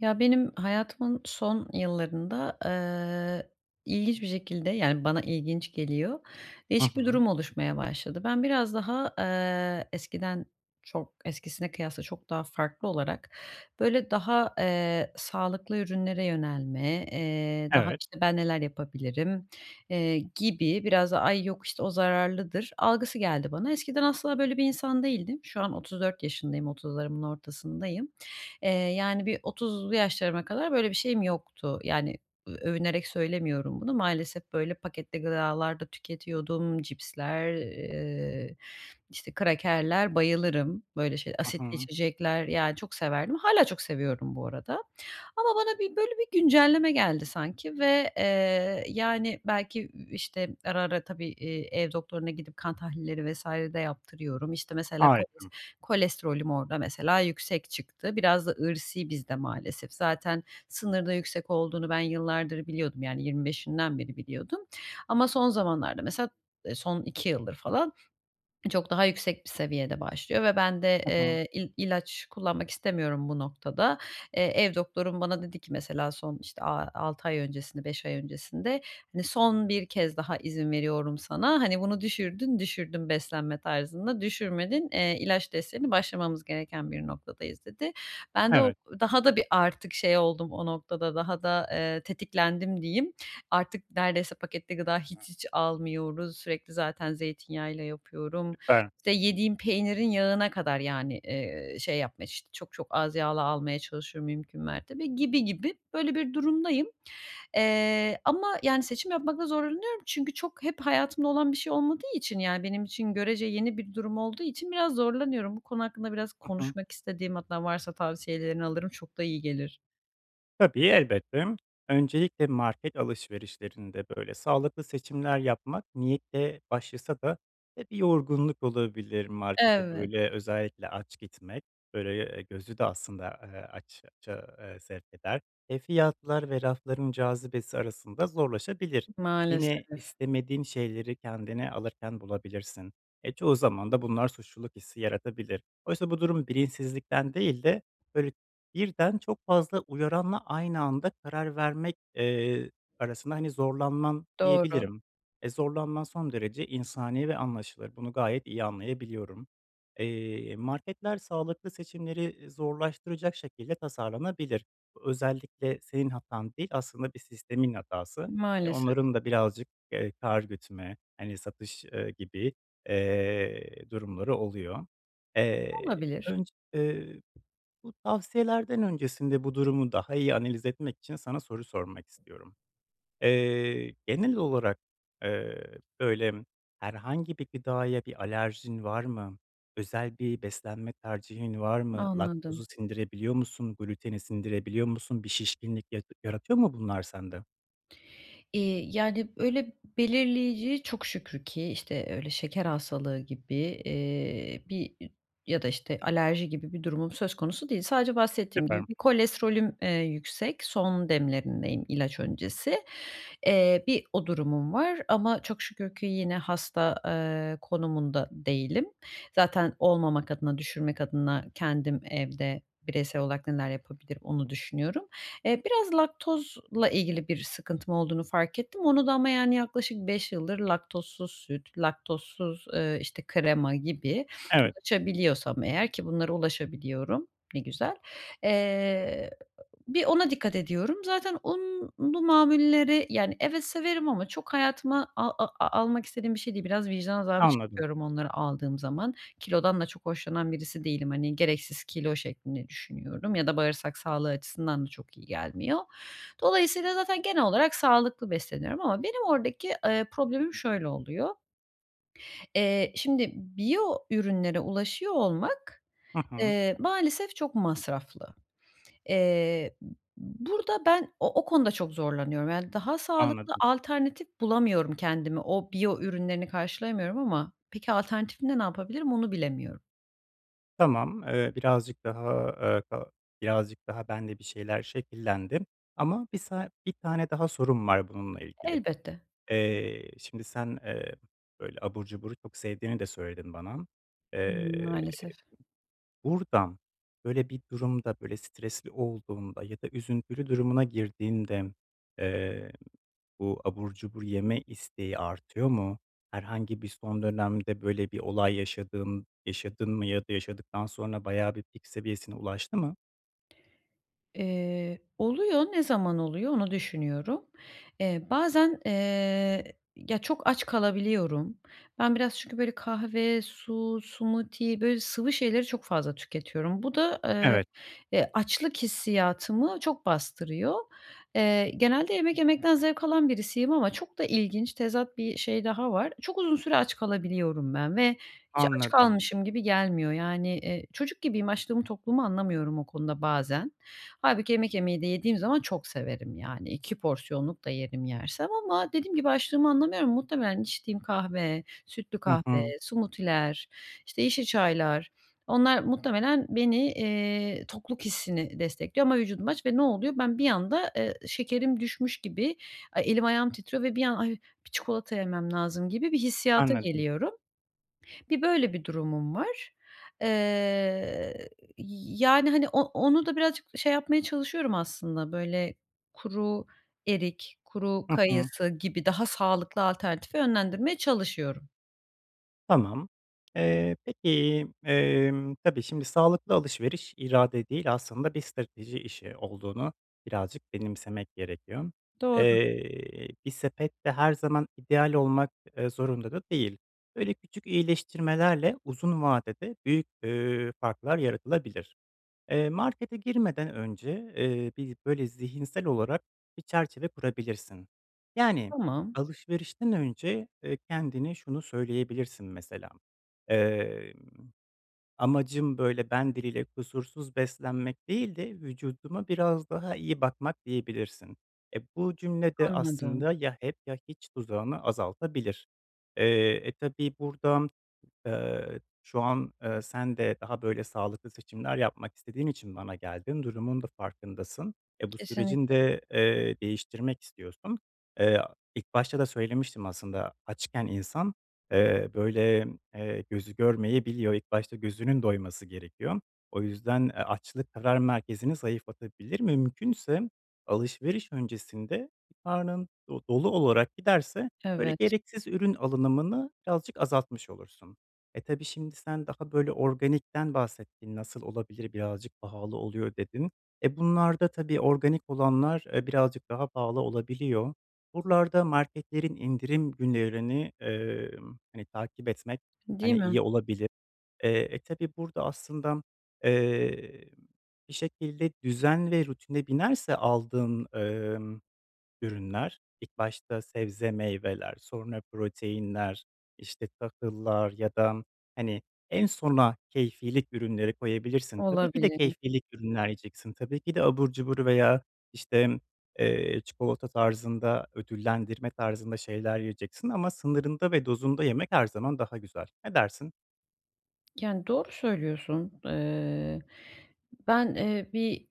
Ya benim hayatımın son yıllarında, ııı, ilginç bir şekilde, yani, bana ilginç geliyor, Hı değişik bir hı. durum oluşmaya başladı. Ben biraz daha, ııı, eskiden, çok eskisine kıyasla, çok daha farklı olarak, böyle, daha, eee, sağlıklı ürünlere yönelme, eee, daha, Evet. işte, ben neler yapabilirim, eee, gibi, biraz da "ay yok işte o zararlıdır" algısı geldi bana. Eskiden asla böyle bir insan değildim. Şu an 34 yaşındayım, 30' larımın ortasındayım. Eee, yani bir 30'lu yaşlarıma kadar böyle bir şeyim yoktu. Yani, ö övünerek söylemiyorum bunu maalesef, böyle, paketli gıdalar da tüketiyordum, cipsler, eee, işte, krakerler, bayılırım. Böyle şeyle Hı asitli hı. içecekler ya çok severdim. Hâlâ çok seviyorum bu arada. Ama bana bir böyle, bir güncelleme geldi sanki ve, eee, yani, belki, i işte, ara, ara, tabii, eee, ev doktoruna gidip kan tahlilleri vs. de yaptırıyorum, işte, mesela koles Harika. kolesterolüm orada mesela yüksek çıktı, biraz da irsî bizde maalesef. Zaten, sınırda, yüksek olduğunu ben yıllardır biliyordum yani 25' imden beri biliyordum. Ama son zamanlarda, mesela, ııı, son 2 yıldır falan, çok daha yüksek bir seviyede başlıyor ve ben de, Hı hı. eee, il ilaç kullanmak istemiyorum bu noktada. Eee, ev doktorum bana dedi ki mesela, son işte a 6 ay öncesini 5 ay öncesinde, hani, "Son 1 kez daha izin veriyorum sana, hani, bunu düşürdün düşürdün beslenme tarzında, düşürmedin, eee, ilaç desteğine başlamamız gereken bir noktadayız." Dedi. Ben de o Evet. daha da bir artık şey oldum, o noktada daha da, eee, tetiklendim diyeyim. Artık neredeyse paketli gıda hiç hiç almıyoruz. Sürekli zaten zeytinyağıyla yapıyorum, Süper. işte, yediğim peynirin yağına kadar yani, eee, şey yapma ş çok çok az yağlı almaya çalışıyorum mümkün mertebe, gibi gibi böyle bir durumdayım. Eee, ama, yani, seçim yapmakta zorlanıyorum çünkü çok, hep hayatımda olan bir şey olmadığı için yani, benim için görece yeni bir durum olduğu için biraz zorlanıyorum. Bu konu hakkında biraz Hı hı. konuşmak istedim, hatta varsa tavsiyelerini alırım, çok da iyi gelir. Tabii, elbette. Öncelikle market alışverişlerinde böyle sağlıklı seçimler yapmak niyetle başlasa da, eee, bir yorgunluk olabilir, markete Evet. böyle, özellikle aç gitmek, böyle, eee, gözü de aslında, eee, aç aça, eee, sevk eder. Eee, fiyatlar ve rafların cazibesi arasında zorlaşabilir. Yine Maalesef. istemediğin şeyleri kendine alırken bulabilirsin. Eee, çoğu zaman da bunlar suçluluk hissi yaratabilir. Oysa bu durum bilinçsizlikten değil de, böyle birden çok fazla uyaranla aynı anda karar vermek, eee, arasında hani zorlanman Doğru. diyebilirim. Eee, zorlanman son derece insani ve anlaşılır, bunu gayet iyi anlayabiliyorum. Eee, marketler sağlıklı seçimleri, iii, zorlaştıracak şekilde tasarlanabilir. Bu özellikle senin hatan değil, aslında bir sistemin hatası. Eee, Maalesef. onların da birazcık, eee, kâr gütme, hani satış, eee, gibi, eee, durumları oluyor. Eee, Olabilir. önce, eee, bu tavsiyelerden öncesinde bu durumu daha iyi analiz etmek için sana soru sormak istiyorum. Eee, genel olarak, eee, böyle, herhangi bir gıdaya bir alerjin var mı? Özel bir beslenme tercihin var mı? Anladım. Laktozu sindirebiliyor musun? Gluteni sindirebiliyor musun? Bir şişkinlik yar yaratıyor mu bunlar sende? İii, yani, öyle, belirleyici çok şükür ki, işte, öyle, şeker hastalığı gibi, eee, bir, iii, ya da, işte, alerji gibi bir durumum söz konusu değil. Sadece bahsettiğim gibi [unintelligible] bir kolesterolüm, eee, yüksek, son demlerindeyim ilaç öncesi. Eee, bir o durumum var ama çok şükür ki yine hasta, eee, konumunda değilim. Zaten olmamak adına, düşürmek adına kendim evde bireysel olarak neler yapabilirim, onu düşünüyorum. Eee, biraz laktozla ilgili bir sıkıntım olduğunu fark ettim. Onu da ama, yani, yaklaşık 5 yıldır laktozsuz süt, laktozsuz, eee, işte, krema gibi Evet. ulaşabiliyorsam eğer ki bunlara ulaşabiliyorum, ne güzel. Eee, bir ona dikkat ediyorum. Zaten unlu mamulleri, yani, evet, severim ama çok hayatıma a a almak istediğim bir şey değil, biraz vicdan azabı Anladım. çekiyorum onları aldığım zaman. Kilodan da çok hoşlanan birisi değilim, hani, gereksiz kilo şeklinde düşünüyorum ya da bağırsak sağlığı açısından da çok iyi gelmiyor. Dolayısıyla zaten genel olarak sağlıklı besleniyorum ama benim oradaki, ııı, problemim şöyle oluyor: Eee, şimdi biyo ürünlere ulaşıyor olmak, Hı hı. eee, maalesef çok masraflı. Eee, b b burada ben o o konuda çok zorlanıyorum. Yani daha sağlıklı Anladım. alternatif bulamıyorum kendime, o biyo ürünlerini karşılayamıyorum ama peki, alternatifinde ne yapabilirim, onu bilemiyorum. Tamam, eee, birazcık daha, eee, ka birazcık daha bende bir şeyler şekillendi. Ama bir sa 1 tane daha sorum var bununla ilgili. Elbette. Eee, şimdi sen, eee, böyle abur cuburu çok sevdiğini de söyledin bana. Eee, Maalesef. buradan böyle bir durumda, böyle stresli olduğunda ya da üzüntülü durumuna girdiğinde, eee, bu abur cubur yeme isteği artıyor mu? Herhangi bir son dönemde böyle bir olay yaşadın yaşadın mı ya da yaşadıktan sonra bayağı bir pik seviyesine ulaştı mı? Eee, oluyor, ne zaman oluyor, onu düşünüyorum. Eee, bazen, eee, ya, çok aç kalabiliyorum. Ben biraz çünkü böyle kahve, su, smoothie, böyle sıvı şeyleri çok fazla tüketiyorum. Bu da, ııı, Evet. e, açlık hissiyatımı çok bastırıyor. Eee, genelde yemek yemekten zevk alan birisiyim ama çok da ilginç, tezat bir şey daha var. Çok uzun süre aç kalabiliyorum ben ve hiç aç Anladım. kalmışım gibi gelmiyor. Yani, eee, çocuk gibiyim, açlığımı, tokluğumu anlamıyorum o konuda bazen. Hâlbuki yemek yemeyi de yediğim zaman çok severim, yani 2 porsiyonluk da yerim yersem ama dediğim gibi, açlığımı anlamıyorum. Muhtemelen içtiğim kahve, sütlü Hı kahve, hı. smoothie'ler işte yeşil çaylar, onlar muhtemelen beni, eee, tokluk hissini destekliyor ama vücudum aç ve ne oluyor? Ben bir anda, ııı, şekerim düşmüş gibi, ay, elim ayağım titriyor ve bir an "Ay, bir çikolata yemem lazım." gibi bir hissiyata Anladım. geliyorum. Bir böyle bir durumum var. Eee, y yani, hani, o onu da birazcık şey yapmaya çalışıyorum aslında, böyle kuru erik, kuru Hı hı. kayısı gibi daha sağlıklı alternatife yönlendirmeye çalışıyorum. Tamam, eee, peki, emm, tabii şimdi sağlıklı alışveriş irade değil aslında bir strateji işi olduğunu birazcık benimsemek gerekiyor. Doğru. Eee, bir sepette her zaman ideal olmak, eee, zorunda da değil. Böyle, küçük iyileştirmelerle uzun vadede büyük, iii, farklar yaratılabilir. Eee, markete girmeden önce, eee, bir böyle zihinsel olarak bir çerçeve kurabilirsin. Yani Tamam. alışverişten önce, eee, kendine şunu söyleyebilirsin, mesela, eee, "Amacım, böyle, ben diliyle kusursuz beslenmek değil de, vücuduma biraz daha iyi bakmak.", diyebilirsin. Eee, bu cümle de Anladım. aslında ya hep ya hiç tuzağını azaltabilir. Eee, e, tabii burada, eee, şu an, eee, sen de daha böyle sağlıklı seçimler yapmak istediğin için bana geldin, durumun da farkındasın, eee, bu sürecin Kesinlikle. de, eee, değiştirmek istiyorsun. Eee, ilk başta da söylemiştim aslında açken insan, eee, böyle, eee, gözü görmeyebiliyor, ilk başta gözünün doyması gerekiyor. O yüzden, eee, açlık, karar merkezini zayıflatabilir. Mümkünse alışveriş öncesinde karnın do dolu olarak giderse böyle Evet. gereksiz ürün alınımını birazcık azaltmış olursun. E, tabii şimdi sen daha böyle organikten bahsettin "Nasıl olabilir? Birazcık pahalı oluyor.", dedin. Eee, bunlarda tabii organik olanlar, eee, birazcık daha pahalı olabiliyor. Buralarda marketlerin indirim günlerini, eee, hani, takip etmek, Değil hani, mi? iyi olabilir. Eee, e, tabii burada aslında, eee, bir şekilde düzen ve rutine binerse aldığın, emm, ürünler ilk başta sebze, meyveler, sonra proteinler, işte, tahıllar ya da, hani, en sona keyfilik ürünleri koyabilirsin. Tabii ki de Olabilir. keyfilik ürünler yiyeceksin, tabii ki de abur cubur veya, işte, eee, çikolata tarzında, ödüllendirme tarzında şeyler yiyeceksin ama sınırında ve dozunda yemek her zaman daha güzel. Ne dersin? Yani, doğru söylüyorsun. Eee, ben, eee, bir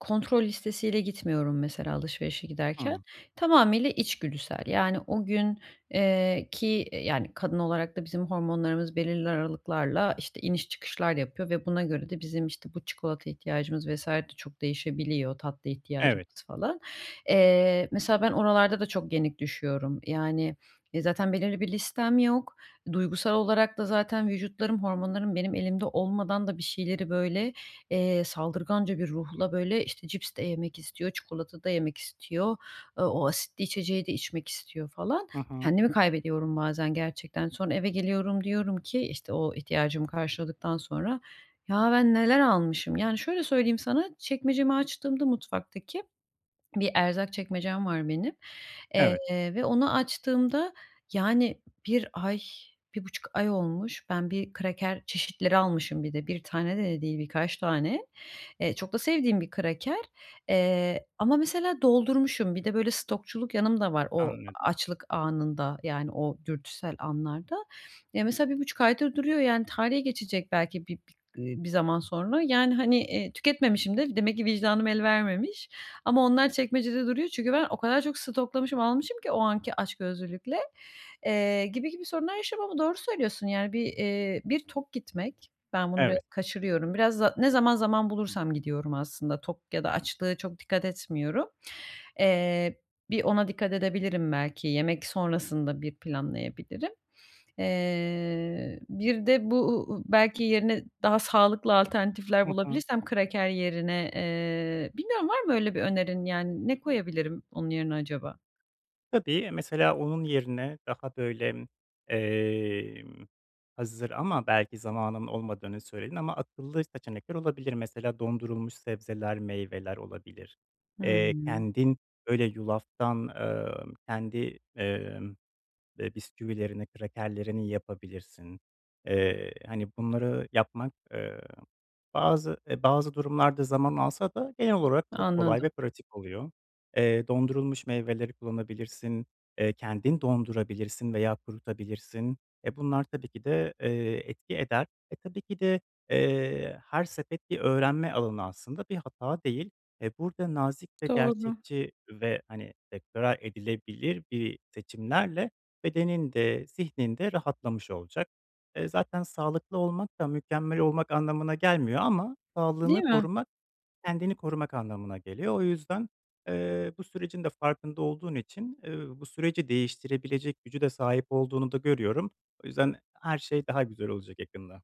kontrol listesiyle gitmiyorum mesela alışverişe giderken. Hıı. Tamamıyla içgüdüsel, yani, o gün, eee, ki yani kadın olarak da bizim hormonlarımız belirli aralıklarla işte iniş çıkışlar yapıyor ve buna göre de bizim, işte, bu çikolata ihtiyacımız vs. de çok değişebiliyor, tatlı Evet. ihtiyacımız falan. Eee, mesela ben oralarda da çok yenik düşüyorum. Yani, e, zaten belirli bir listem yok, duygusal olarak da zaten vücutlarım hormonlarım benim elimde olmadan da bir şeyleri böyle, eee, saldırganca bir ruhla böyle işte cips de yemek istiyor, çikolata da yemek istiyor, aaa, o asitli içeceği de içmek istiyor falan. Hı hı. Kendimi kaybediyorum bazen gerçekten. Sonra eve geliyorum, diyorum ki işte, o ihtiyacımı karşıladıktan sonra, "Ya ben neler almışım?" Yani şöyle söyleyeyim sana, çekmecemi açtığımda, mutfaktaki bir erzak çekmecem var benim, eee, Evet. ve onu açtığımda yani 1 ay, 1,5 ay olmuş ben bir kraker çeşitleri almışım. Bir de 1 tane de de değil, birkaç tane. Eee, çok da sevdiğim bir kraker, eee, ama mesela doldurmuşum. Bir de böyle stokçuluk yanımda var o Anladım. açlık anında, yani o dürtüsel anlarda. Ya, mesela 1,5 aydır duruyor, yani tarihi geçecek belki bi bi eee, bir zaman sonra, yani, hani, eee, tüketmemişim de, demek ki vicdanım el vermemiş. Ama onlar çekmecede duruyor. Çünkü ben o kadar çok stoklamışım, almışım ki o anki açgözlülükle, eee, gibi gibi sorunlar yaşıyorum ama doğru söylüyorsun. Yani, bir, eee, bir tok gitmek, ben bunu biraz Evet. kaçırıyorum. Biraz za ne zaman zaman bulursam gidiyorum aslında, tok ya da açlığa çok dikkat etmiyorum. Eee, bir ona dikkat edebilirim belki, yemek sonrasında bir planlayabilirim. Eee, bir de bu u u belki yerine daha sağlıklı alternatifler Hı hı. bulabilirsem kraker yerine. Eee, bilmiyorum, var mı öyle bir önerin? Yani ne koyabilirim onun yerine acaba? Tabii. Eee, mesela onun yerine daha böyle, emm, hazır ama belki zamanın olmadığını söyledin ama akıllı seçenekler olabilir. Mesela dondurulmuş sebzeler, meyveler olabilir. Eee, Hımm. kendin böyle yulaftan, emm, kendi, emm, eee, bisküvilerini, krakerlerini yapabilirsin. Eee, hani, bunları yapmak, eee, bazı, eee, bazı durumlarda zaman alsa da genel olarak çok kolay ve Anladım. pratik oluyor. Eee, dondurulmuş meyveleri kullanabilirsin, eee, kendin dondurabilirsin veya kurutabilirsin. Eee, bunlar tabii ki de, eee, etki eder. Eee, tabii ki de, eee, her sepet bir öğrenme alanı aslında bir hata değil. Eee, burada nazik ve Doğru. gerçekçi ve, hani [unintelligible] edilebilir bir seçimlerle bedenin de, zihnin de rahatlamış olacak. Eee, zaten sağlıklı olmak da mükemmel olmak anlamına gelmiyor ama Değil sağlığını mi? korumak kendini korumak anlamına geliyor. O yüzden, eee, bu sürecin de farkında olduğun için, eee, bu süreci değiştirebilecek gücü de sahip olduğunu da görüyorum. O yüzden her şey daha güzel olacak yakında.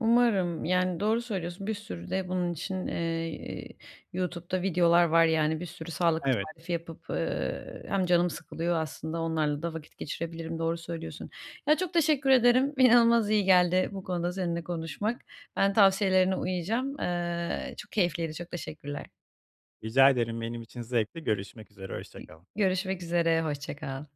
Umarım. Yani, doğru söylüyorsun, bir sürü de bunun için, eee, YouTube'da videolar var. Yani, bir sürü sağlık Evet. tarifi yapıp, eee, hem canım sıkılıyor, aslında onlarla da vakit geçirebilirim, doğru söylüyorsun. Ya, çok teşekkür ederim, inanılmaz iyi geldi bu konuda seninle konuşmak. Ben tavsiyelerine uyacağım. Eee, çok keyifliydi, çok teşekkürler. Rica ederim. Benim için zevkti. Görüşmek üzere, hoşça [unintelligible] kal. Görüşmek üzere, hoşça kal.